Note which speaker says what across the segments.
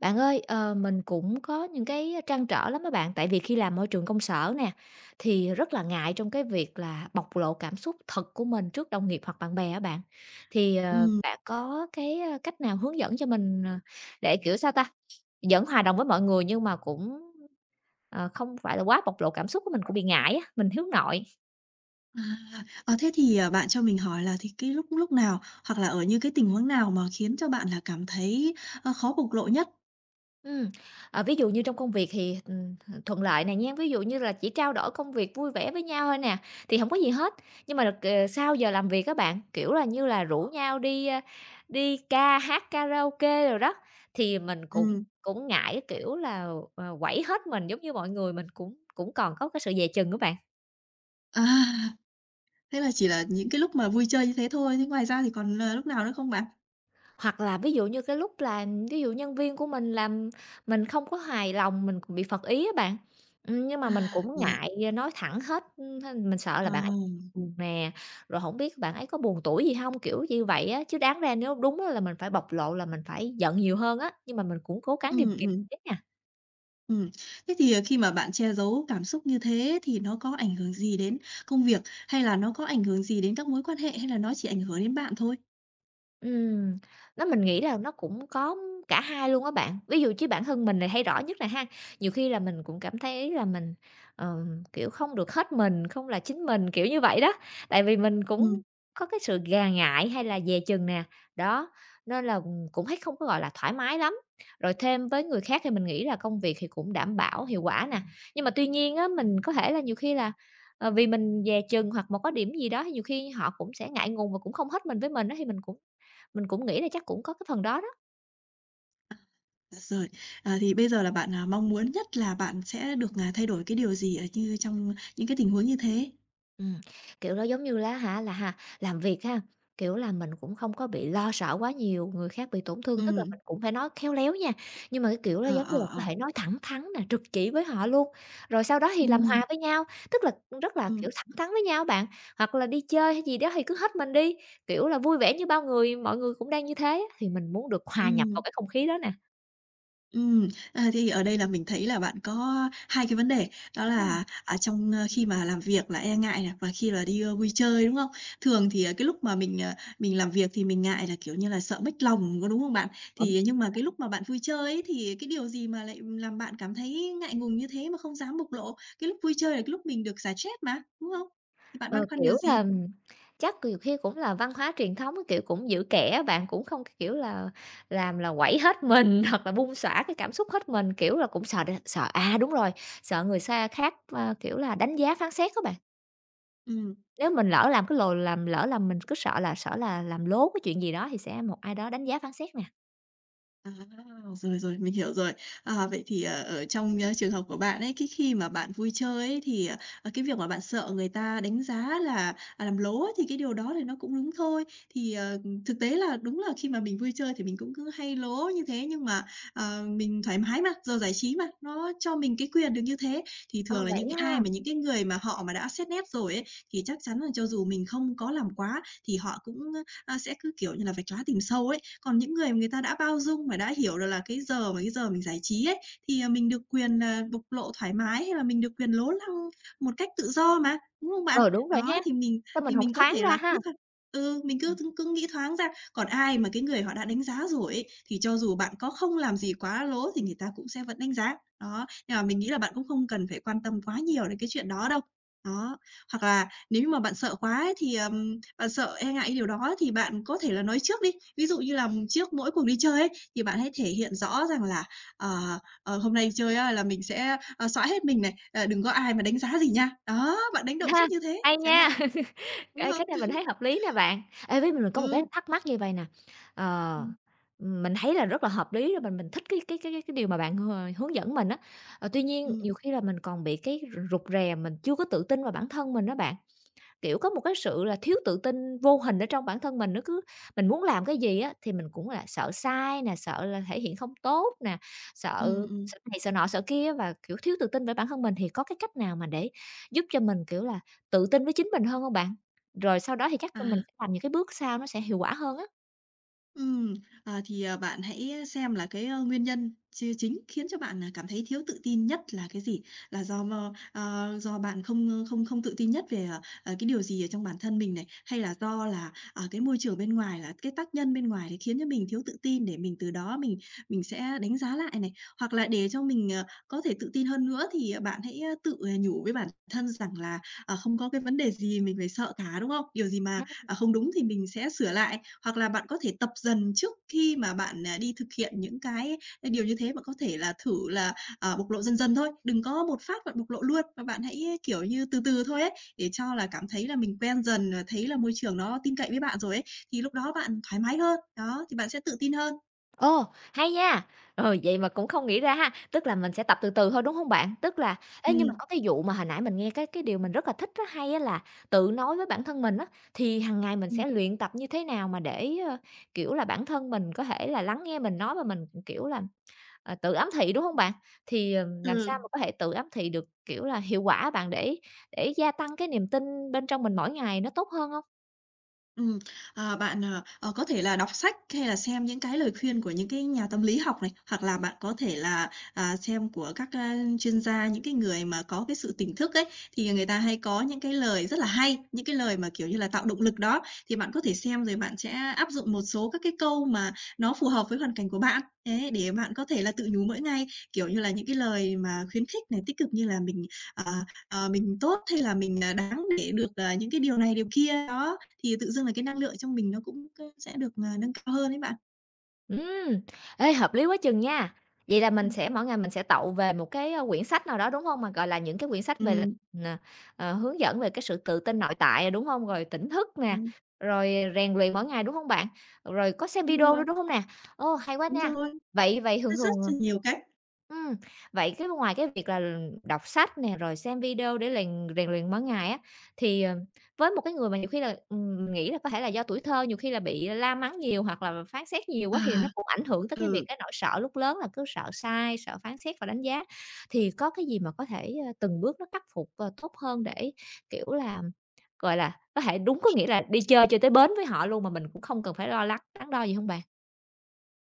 Speaker 1: Bạn ơi, ờ, mình cũng có những cái trăn trở lắm á bạn, tại vì khi làm môi trường công sở nè, thì rất là ngại trong cái việc là bộc lộ cảm xúc thật của mình trước đồng nghiệp hoặc bạn bè á bạn. Thì, ờ,
Speaker 2: Ừm.
Speaker 1: bạn có cái cách nào hướng dẫn cho mình, ờ, để, kiểu, sao ta, vẫn hòa đồng với mọi người nhưng mà cũng, ờ, không phải là quá bộc lộ cảm xúc của mình, cũng bị ngại á, mình hướng nội.
Speaker 2: À. Ờ, thế thì, ờ, bạn cho mình hỏi là thì cái lúc lúc nào hoặc là ở những cái tình huống nào mà khiến cho bạn là cảm thấy, ờ, khó bộc lộ nhất?
Speaker 1: Ừm, ờ, ví dụ như trong công việc thì, ừm, th thuận lợi này nha, ví dụ như là chỉ trao đổi công việc vui vẻ với nhau thôi nè, thì hổng có gì hết, nhưng mà là, ờ, sau giờ làm việc á bạn, kiểu là, như là rủ nhau đi, a, đi ca hát, karaoke đồ đó, thì mình cũng
Speaker 2: Ừm.
Speaker 1: cũng ngại cái kiểu là, ờ, quẩy hết mình giống như mọi người, mình cũng cũng còn có cái sự dè chừng á bạn.
Speaker 2: À! Thế là chỉ là những cái lúc mà vui chơi như thế thôi, thế ngoài ra thì còn, ờ, lúc nào nữa không bạn?
Speaker 1: Hoặc là ví dụ như cái lúc là ví dụ nhân viên của mình làm mình không có hài lòng, mình bị phật ý á bạn, ừm, nhưng
Speaker 2: À.
Speaker 1: mà mình cũng
Speaker 2: Là
Speaker 1: ngại nói thẳng hết, ưm, h mình sợ là bạn ấy
Speaker 2: Ồ.
Speaker 1: buồn nè, rồi hổng biết bạn ấy có buồn tủi gì hông, kiểu như vậy á. Chứ đáng ra nếu đúng á là mình phải bộc lộ là mình phải giận nhiều hơn á, nhưng mà mình cũng cố gắng kiềm
Speaker 2: Ừm,
Speaker 1: kiềm
Speaker 2: ừm.
Speaker 1: chế nha.
Speaker 2: Ừm, thế thì, à, khi mà bạn che giấu cảm xúc như thế thì nó có ảnh hưởng gì đến công việc, hay là nó có ảnh hưởng gì đến các mối quan hệ, hay là nó chỉ ảnh hưởng đến bạn thôi?
Speaker 1: Ừm, nó mình nghĩ là nó cũng có cả hai luôn á bạn. Ví dụ chứ bản thân mình này hay rõ nhất nè ha, nhiều khi là mình cũng cảm thấy là mình, ờ, kiểu, không được hết mình, không là chính mình, kiểu như vậy đó. Tại vì mình
Speaker 2: Ừm.
Speaker 1: cũng có cái sự gà ngại hay là dè chừng nè, đó, nên là, ừm, cũng thấy không có, gọi là, thoải mái lắm, rồi thêm tới người khác thì mình nghĩ là công việc thì cũng đảm bảo hiệu quả nè. Nhưng mà tuy nhiên á, mình có thể là nhiều khi là, ờ, vì mình dè chừng hoặc mà có điểm gì đó thì nhiều khi họ cũng sẽ ngại ngùng và cũng không hết mình với mình á, thì mình cũng mình cũng nghĩ là chắc cũng có cái phần đó đó.
Speaker 2: À, rồi. À, thì bây giờ là bạn, à, mong muốn nhất là bạn sẽ được, à, thay đổi cái điều gì ở như trong những cái tình huống như thế?
Speaker 1: Ừm, kiểu, nó, giống như lá hả, là ha làm việc ha, kiểu là mình cũng không có bị lo sợ quá nhiều người khác bị tổn thương, tức là
Speaker 2: Ừm.
Speaker 1: mình cũng phải nói khéo léo nha, nhưng mà cái kiểu nó,
Speaker 2: Ờ,
Speaker 1: giống như là,
Speaker 2: ờ,
Speaker 1: có
Speaker 2: ờ.
Speaker 1: thể nói thẳng thắn nè, trực chỉ với họ luôn, rồi sau đó thì làm
Speaker 2: Ừm.
Speaker 1: hòa với nhau. Tức là, ừm, rất là,
Speaker 2: Ừm.
Speaker 1: kiểu, thẳng thắn với nhau bạn, hoặc là đi chơi hay gì đó thì cứ hết mình đi, kiểu là, vui vẻ như bao người, mọi người cũng đang như thế á, thì mình muốn được hòa nhập vào
Speaker 2: Ừm.
Speaker 1: cái không khí đó nè.
Speaker 2: Ừm, ờ, thì, ở đây là mình thấy là bạn có 2 cái vấn đề, đó
Speaker 1: Ừm.
Speaker 2: là, à, trong khi mà làm việc là e ngại nè, và khi mà đi, ơ, vui chơi đúng không? Thường thì cái lúc mà mình, ờ, mình làm việc thì mình ngại là, kiểu như là, sợ mếch lòng có, đúng không bạn? Thì, à, nhưng mà cái
Speaker 1: [unintelligible]
Speaker 2: lúc mà bạn vui chơi ấy, thì cái điều gì mà lại làm bạn cảm thấy ngại ngùng như thế mà không dám bộc lộ? Cái lúc vui chơi là cái lúc mình được xả stress mà, đúng không? Thì bạn băn
Speaker 1: Ờ,
Speaker 2: khoăn điều
Speaker 1: kiểu
Speaker 2: gì?
Speaker 1: là, chắc nhiều khi cũng là văn hóa truyền thống, kiểu, cũng giữ kẽ á bạn, cũng không cái kiểu là, làm là quẩy hết mình hoặc là bung xõa cái cảm xúc hết mình, kiểu là, cũng sợ đ sợ, à, đúng rồi, sợ người xa khác, a, kiểu là, đánh giá phán xét á bạn.
Speaker 2: Ừm.
Speaker 1: Nếu mình lỡ làm cái lồ làm lỡ là mình cứ sợ là sở là làm lố cái chuyện gì đó thì sẽ một ai đó đánh giá phán xét nè.
Speaker 2: À, rồi, rồi, mình hiểu rồi. Ờ, vậy thì, ờ, ở trong trường hợp của bạn ấy, cái khi mà bạn vui chơi ấy thì, ờ, ờ, cái việc mà bạn sợ người ta đánh giá là làm lố ấy thì cái điều đó thì nó cũng đúng thôi. Thì, ờ, ừm, thực tế là đúng là khi mà mình vui chơi thì mình cũng cứ hay lố như thế, nhưng mà, ờ, mình thoải mái mà, giờ giải trí mà, nó cho mình cái quyền được như thế. Thì
Speaker 1: Ờ,
Speaker 2: thường là những
Speaker 1: vậy á
Speaker 2: ai
Speaker 1: ha!
Speaker 2: mà những cái người mà họ mà đã xét nét rồi ấy thì chắc chắn là cho dù mình không có làm quá thì họ cũng, a, a, sẽ cứ, kiểu như là, vạch lá tìm sâu ấy. Còn những người mà người ta đã bao dung và đã hiểu được là cái giờ mà cái giờ mình giải trí ấy, thì, ờ, mình được quyền, ờ, bộc lộ thoải mái, hay là mình được quyền lố lăng một cách tự do mà, đúng không bạn?
Speaker 1: Ờ, đúng rồi
Speaker 2: Đó,
Speaker 1: ha,
Speaker 2: thì mình
Speaker 1: sao mình
Speaker 2: thì
Speaker 1: hổng
Speaker 2: mình có
Speaker 1: thoáng
Speaker 2: thể
Speaker 1: ra
Speaker 2: là cứ
Speaker 1: ha!
Speaker 2: thôi ừ, mình cứ
Speaker 1: Ừm.
Speaker 2: cứ nghĩ thoáng ra, còn ai mà cái người họ đã đánh giá rồi ấy, thì cho dù bạn có không làm gì quá lố thì người ta cũng sẽ vẫn đánh giá. Đó, nhưng mà mình nghĩ là bạn cũng không cần phải quan tâm quá nhiều đến cái chuyện đó đâu, đó. Hoặc là nếu như mà bạn sợ quá ấy thì, ờ, bạn sợ e ngại cái điều đó thì bạn có thể là nói trước đi. Ví dụ như là trước mỗi cuộc đi chơi ấy, thì bạn hãy thể hiện rõ rằng là, ờ, ờ, hôm nay đi chơi á là mình sẽ, ờ, xõa hết mình này, à, đừng có ai mà đánh giá gì nha. Đó, bạn đánh
Speaker 1: Ừ
Speaker 2: động
Speaker 1: ha,
Speaker 2: trước như thế,
Speaker 1: hay
Speaker 2: chẳng
Speaker 1: nha,
Speaker 2: hạn. Đúng
Speaker 1: ê, cái
Speaker 2: không?
Speaker 1: này mình thấy hợp lý nè bạn. Ê, với mình có một cái
Speaker 2: Ừ.
Speaker 1: thắc mắc như vậy nè, ờ,
Speaker 2: Ừm.
Speaker 1: ừm, mình thấy là rất là hợp lý rồi mình mình thích cái cái cái cái cái điều mà bạn h hướng dẫn mình á, ờ, tuy nhiên
Speaker 2: Ừm.
Speaker 1: nhiều khi là mình còn bị cái r rụt rè, mình chưa có tự tin vào bản thân mình á bạn. Kiểu, có một cái sự là thiếu tự tin vô hình ở trong bản thân mình, nó cứ mình muốn làm cái gì á thì mình cũng là sợ sai nè, sợ là thể hiện không tốt nè,
Speaker 2: Ừm,
Speaker 1: sợ
Speaker 2: ừm.
Speaker 1: sợ này sợ nọ sợ kia và, kiểu, thiếu tự tin về bản thân mình, thì có cái cách nào mà để giúp cho mình, kiểu là, tự tin với chính mình hơn hông bạn? Rồi sau đó thì chắc là mình
Speaker 2: À.
Speaker 1: sẽ làm những cái bước sau nó sẽ hiệu quả hơn á.
Speaker 2: Ừm, ờ, thì, ờ, bạn hãy xem là cái, ơ, nguyên nhân chia chính khiến cho bạn, ờ, cảm thấy thiếu tự tin nhất là cái gì? Là do mơ, ơ, do bạn không không không tự tin nhất về, ờ, ờ, cái điều gì ở trong bản thân mình này, hay là do là, ờ, cái môi trường bên ngoài, là cái tác nhân bên ngoài, thì khiến cho mình thiếu tự tin để mình từ đó, mình mình sẽ đánh giá lại này. Hoặc là để cho mình, ờ, có thể tự tin hơn nữa, thì, à, bạn hãy, ờ, tự, à, nhủ với bản thân rằng là, ờ, không có cái vấn đề gì mình phải sợ cả, đúng không? Điều gì mà,
Speaker 1: [unintelligible]
Speaker 2: ờ, không đúng thì mình sẽ sửa lại, hoặc là bạn có thể tập dần trước khi mà bạn, ờ, đi thực hiện những cái, ờ, điều như thế và có thể là thử là, ờ, bộc lộ dần dần thôi. Đừng có một phát bạn bộc lộ luôn và bạn hãy kiểu như từ từ thôi ấy, để cho là cảm thấy là mình quen dần, à, thấy là môi trường nó tin cậy với bạn rồi ấy, thì lúc đó bạn thoải mái hơn. Đó, thì bạn sẽ tự tin hơn.
Speaker 1: Ồ, hay nha. Rồi, vậy mà cũng không nghĩ ra ha. Tức là mình sẽ tập từ từ thôi, đúng hông bạn? Tức là ê, nhưng mà
Speaker 2: Ừm.
Speaker 1: có cái vụ mà hồi nãy mình nghe cái cái điều mình rất là thích á, hay á, là tự nói với bản thân mình á, thì hằng ngày mình
Speaker 2: Ừm.
Speaker 1: sẽ luyện tập như thế nào mà để, ờ, kiểu là, bản thân mình có thể là lắng nghe mình nói và mình, kiểu là, ờ, tự ám thị, đúng hông bạn? Thì, ừm, làm sao
Speaker 2: Ừm.
Speaker 1: mà có thể tự ám thị được, kiểu là, hiệu quả á bạn để để gia tăng cái niềm tin bên trong mình mỗi ngày nó tốt hơn hông?
Speaker 2: Ừm, ờ, bạn, ờ, ờ, có thể là đọc sách hay là xem những cái lời khuyên của những cái nhà tâm lý học này, hoặc là bạn có thể là, à, xem của các, a, chuyên gia, những cái người mà có cái sự tỉnh thức ấy, thì, à, người ta hay có những cái lời rất là hay. Những cái lời mà, kiểu như là, tạo động lực đó, thì bạn có thể xem rồi bạn sẽ áp dụng một số các cái câu mà nó phù hợp với hoàn cảnh của bạn. Thế để bạn có thể là tự nhủ mỗi ngày, kiểu như là, những cái lời mà khuyến khích này, tích cực như là mình, ờ, ờ, mình tốt hay là mình, à, đáng để được, ờ, những cái điều này điều kia, đó. Thì tự dưng là cái năng lượng trong mình nó cũng có sẽ được, à, nâng cao hơn ấy bạn.
Speaker 1: Ừm, ê, hợp lý quá chừng nha! Vậy là mình
Speaker 2: Ừm.
Speaker 1: sẽ mỗi ngày mình sẽ tậu về một cái, a, quyển sách nào đó, đúng hông? Mà, gọi là, những cái quyển sách về là
Speaker 2: Ừm.
Speaker 1: n à, hướng dẫn về cái sự tự tin nội tại, đúng hông? Rồi tỉnh thức nè,
Speaker 2: Ừm.
Speaker 1: rồi rèn luyện mỗi ngày, đúng hông bạn? Rồi có xem
Speaker 2: Đúng
Speaker 1: video nữa,
Speaker 2: rồi.
Speaker 1: đúng hông nè? Ô, hay quá
Speaker 2: Đúng
Speaker 1: nha.
Speaker 2: rồi.
Speaker 1: Vậy vậy
Speaker 2: Nó
Speaker 1: thường
Speaker 2: rất
Speaker 1: thường à
Speaker 2: chi nhiều cách.
Speaker 1: ừm, vậy, cái, ngoài cái việc là, ừm, đọc sách nè rồi xem video để lèn rèn luyện mỗi ngày á, thì, ờ, với một cái người mà nhiều khi là, ừm, mình nghĩ là có thể là do tuổi thơ nhiều khi là bị, à, la mắng nhiều hoặc là là phán xét nhiều quá thì nó
Speaker 2: À!
Speaker 1: cũng ảnh hưởng tới cái việc
Speaker 2: Ừ.
Speaker 1: cái nỗi sợ lúc lớn là cứ sợ sai, sợ phán xét và đánh giá. Thì có cái gì mà có thể, a, từng bước nó khắc phục, à, tốt hơn để, kiểu là, gọi là, có thể đúng có nghĩa là đi chơi cho tới bến với họ luôn, mà mình cũng không cần phải lo lắng, đắn đo gì hông bạn?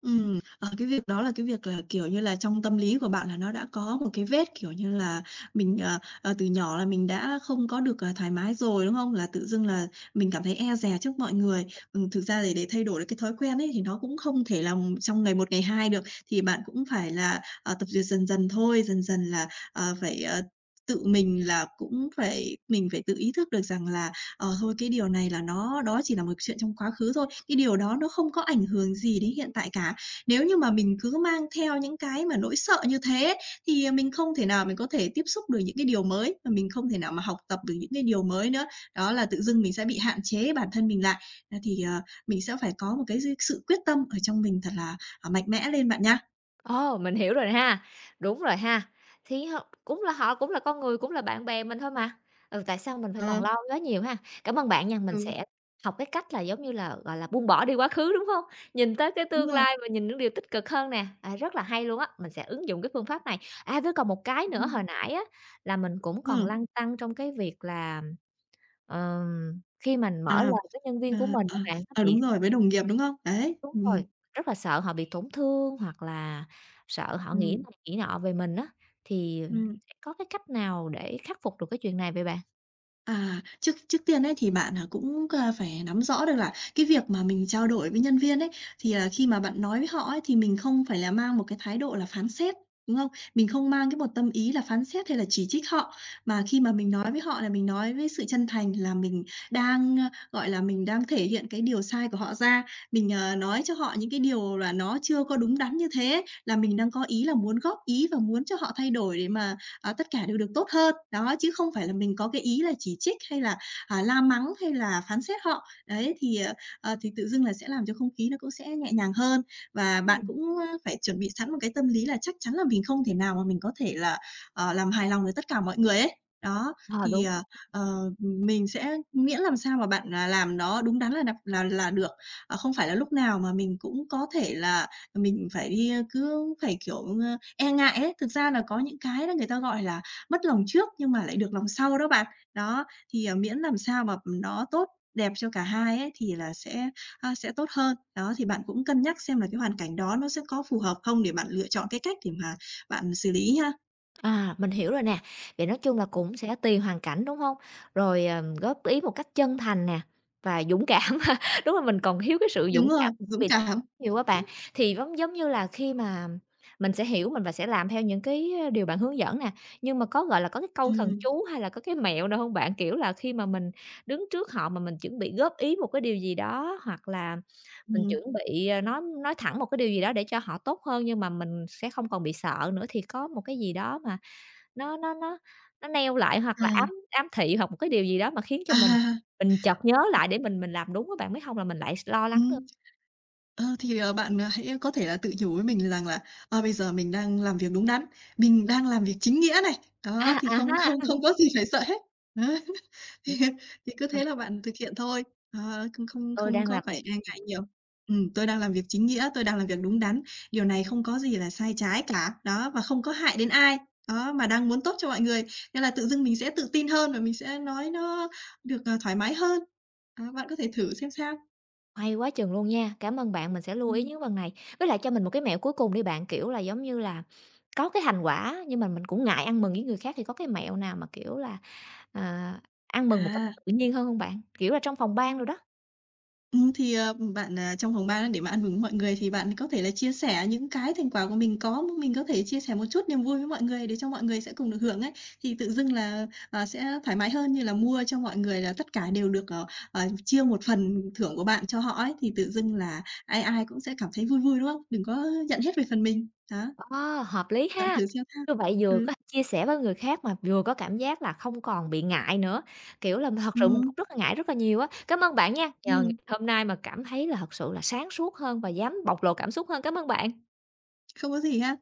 Speaker 2: Ừm. Ờ, cái việc đó là cái việc là, kiểu như là, trong tâm lý của bạn là nó đã có một cái vết, kiểu như là, mình, à, à, từ nhỏ là mình đã không có được, à, thoải mái rồi, đúng không? Là tự dưng là mình cảm thấy e dè trước mọi người. Ừm, thực ra thì để thay đổi được cái thói quen ấy thì nó cũng không thể là trong ngày một, ngày hai được, thì bạn cũng phải là, à, tập duyệt dần dần thôi, dần dần là, à, phải, à, tự mình là cũng phải mình phải tự ý thức được rằng là, ờ, thôi cái điều này là nó đó chỉ là một chuyện trong quá khứ thôi, cái điều đó nó không có ảnh hưởng gì đến hiện tại cả. Nếu như mà mình cứ mang theo những cái mà nỗi sợ như thế, thì, ờ, mình không thể nào mình có thể tiếp xúc được những cái điều mới, mà mình không thể nào mà học tập được những cái điều mới nữa. Đó là tự dưng mình sẽ bị hạn chế bản thân mình lại. Nên thì, à, mình sẽ phải có một cái dư sự quyết tâm ở trong mình thật là, à, mạnh mẽ lên bạn nha.
Speaker 1: Ồ! Mình hiểu rồi ha, đúng rồi ha. Thí ho cũng là họ cũng là con người, cũng là bạn bè mình thôi mà. Ừ, tại sao mình phải toàn
Speaker 2: Ờ.
Speaker 1: lo quá nhiều ha? Cảm ơn bạn nha, mình
Speaker 2: Ừ.
Speaker 1: sẽ học cái cách là giống như là, gọi là, buông bỏ đi quá khứ, đúng hông? Nhìn tới cái
Speaker 2: Đúng
Speaker 1: tương
Speaker 2: rồi.
Speaker 1: lai và nhìn những điều tích cực hơn nè. À, rất là hay luôn á! Mình sẽ ứng dụng cái phương pháp này. À, với còn một cái nữa,
Speaker 2: Ừm.
Speaker 1: hồi nãy á, là mình cũng còn
Speaker 2: Ừm.
Speaker 1: lăn tăn trong cái việc là, ừm, ờm, khi mình mở
Speaker 2: À.
Speaker 1: lời với nhân
Speaker 2: À,
Speaker 1: viên của mình
Speaker 2: à.
Speaker 1: á bạn nó
Speaker 2: À,
Speaker 1: bị
Speaker 2: đúng rồi, với đồng nghiệp đúng không? Đấy,
Speaker 1: đúng
Speaker 2: ừm, ừm.
Speaker 1: rồi, rất là sợ họ bị tổn thương hoặc là sợ họ nghĩ
Speaker 2: Ừm.
Speaker 1: này nghĩ nọ về mình á. Thì
Speaker 2: Ừm.
Speaker 1: sẽ có cái cách nào để khắc phục được cái chuyện này vậy bạn?
Speaker 2: À, trước trước tiên ấy thì bạn, à, cũng, a, phải nắm rõ được là cái việc mà mình trao đổi với nhân viên ấy, thì, à, khi mà bạn nói với họ ấy, thì mình không phải là mang một cái thái độ là phán xét, đúng không? Mình không mang cái một tâm ý là phán xét hay là chỉ trích họ, mà khi mà mình nói với họ là mình nói với sự chân thành là mình đang, a, gọi là, mình đang thể hiện cái điều sai của họ ra. Mình, à, nói cho họ những cái điều là nó chưa có đúng đắn như thế, là mình đang có ý là muốn góp ý và muốn cho họ thay đổi để mà, à, tất cả đều được tốt hơn. Đó, chứ không phải là mình có cái ý là chỉ trích, hay là, à, la mắng, hay là phán xét họ. Đấy, thì, à, à, thì tự dưng là sẽ làm cho không khí nó cũng sẽ nhẹ nhàng hơn. Và bạn
Speaker 1: Ừm.
Speaker 2: cũng phải chuẩn bị sẵn một cái tâm lý là chắc chắn là mình không thể nào mà mình có thể là, à, làm hài lòng được tất cả mọi người ấy. Đó,
Speaker 1: Ờ,
Speaker 2: thì,
Speaker 1: đúng
Speaker 2: à,
Speaker 1: rồi.
Speaker 2: ờ, mình sẽ miễn làm sao mà bạn, à, làm nó đúng đắn là đặt là là là được. À, không phải là lúc nào mà mình cũng có thể là mình phải đi cứ phải, kiểu, a, e ngại ấy. Thực ra là có những cái đó người ta, gọi là, mất lòng trước nhưng mà lại được lòng sau đó bạn. Đó, thì, à, miễn làm sao mà nó tốt đẹp cho cả hai ấy thì là sẽ, a, sẽ tốt hơn. Đó, thì bạn cũng cân nhắc xem là cái hoàn cảnh đó nó sẽ có phù hợp không để bạn lựa chọn cái cách để mà bạn xử lý ha.
Speaker 1: À, mình hiểu rồi nè, vậy nói chung là cũng sẽ tùy hoàn cảnh, đúng hông? Rồi, ờm, góp ý một cách chân thành nè và dũng cảm ha. Đúng là mình còn thiếu cái sự dũng
Speaker 2: Đúng rồi,
Speaker 1: cảm
Speaker 2: dũng
Speaker 1: [unintelligible]
Speaker 2: cảm.
Speaker 1: dụ á bạn, thì giống giống như là khi mà mình sẽ hiểu mình và sẽ làm theo những cái, ờ, điều bạn hướng dẫn nè, nhưng mà có, gọi là, có cái câu thần
Speaker 2: Ừm.
Speaker 1: chú hay là có cái mẹo nào hông bạn? Kiểu là khi mà mình đứng trước họ mà mình chuẩn bị góp ý một cái điều gì đó, hoặc là mình
Speaker 2: Ừm.
Speaker 1: chuẩn bị, ờ, nói nói thẳng một cái điều gì đó để cho họ tốt hơn, nhưng mà mình sẽ không còn bị sợ nữa thì có một cái gì đó mà nó nó nó nó neo lại hoặc
Speaker 2: À.
Speaker 1: là ám ám thị hoặc một cái điều gì đó mà khiến cho mình
Speaker 2: À!
Speaker 1: mình chợt nhớ lại để mình mình làm đúng á bạn, mới hông là mình lại s lo lắng nữa?
Speaker 2: Ừm. Ờ, thì, ờ, bạn, à, hãy có thể là tự nhủ với mình rằng là, ơ, bây giờ mình đang làm việc đúng đắn, mình đang làm việc chính nghĩa này. Đó,
Speaker 1: À,
Speaker 2: thì
Speaker 1: à
Speaker 2: không
Speaker 1: ha!
Speaker 2: không không có gì phải sợ hết. Đấy. Thì thì cứ thế là
Speaker 1: [unintelligible]
Speaker 2: bạn thực hiện thôi, ờ, không không
Speaker 1: Tôi
Speaker 2: không
Speaker 1: đang
Speaker 2: có
Speaker 1: làm
Speaker 2: phải
Speaker 1: việc
Speaker 2: e ngại nhiều. Ừm, tôi đang làm việc chính nghĩa, tôi đang làm việc đúng đắn, điều này không có gì là sai trái cả, đó, và không có hại đến ai. Đó, mà đang muốn tốt cho mọi người. Nên là tự dưng mình sẽ tự tin hơn và mình sẽ nói nó được, ờ, thoải mái hơn. À, bạn có thể thử xem sao.
Speaker 1: Hay quá chừng luôn nha, cảm ơn bạn, mình sẽ lưu ý
Speaker 2: Ừm.
Speaker 1: những cái phần này, với lại cho mình một cái mẹo cuối cùng đi bạn, kiểu là, giống như là có cái thành quả, nhưng mà mình cũng ngại ăn mừng với người khác thì có cái mẹo nào mà, kiểu là, ờ, ăn mừng một cách
Speaker 2: À!
Speaker 1: tự nhiên hơn hông bạn, kiểu là trong phòng ban đồ đó?
Speaker 2: Ừm, thì, ờ, ừm, bạn, ờ, trong phòng ban á để mà ăn mừng với mọi người thì bạn có thể là chia sẻ những cái thành quả của mình có, m mình có thể chia sẻ một chút niềm vui với mọi người để cho mọi người sẽ cùng được hưởng ấy. Thì tự dưng là, ờ, sẽ thoải mái hơn như là mua cho mọi người là tất cả đều được, ờ, ờ, chia một phần thưởng của bạn cho họ ấy, thì tự dưng là ai ai cũng sẽ cảm thấy vui vui, đúng hông? Đừng có nhận hết về phần mình. Đó.
Speaker 1: Ô, hợp lý
Speaker 2: Bạn
Speaker 1: ha!
Speaker 2: thử xem sao.
Speaker 1: Như vậy vừa
Speaker 2: Ừm.
Speaker 1: có thể chia sẻ với người khác, mà vừa có cảm giác là không còn bị ngại nữa, kiểu là, thật sự mình
Speaker 2: Ừm.
Speaker 1: cũng rất là ngại rất là nhiều á. Cám ơn bạn nha, nhờ ngày
Speaker 2: Ừm.
Speaker 1: hôm nay mà cảm thấy là thật sự là sáng suốt hơn và dám bộc lộ cảm xúc hơn, cám ơn bạn.
Speaker 2: Không có gì ha.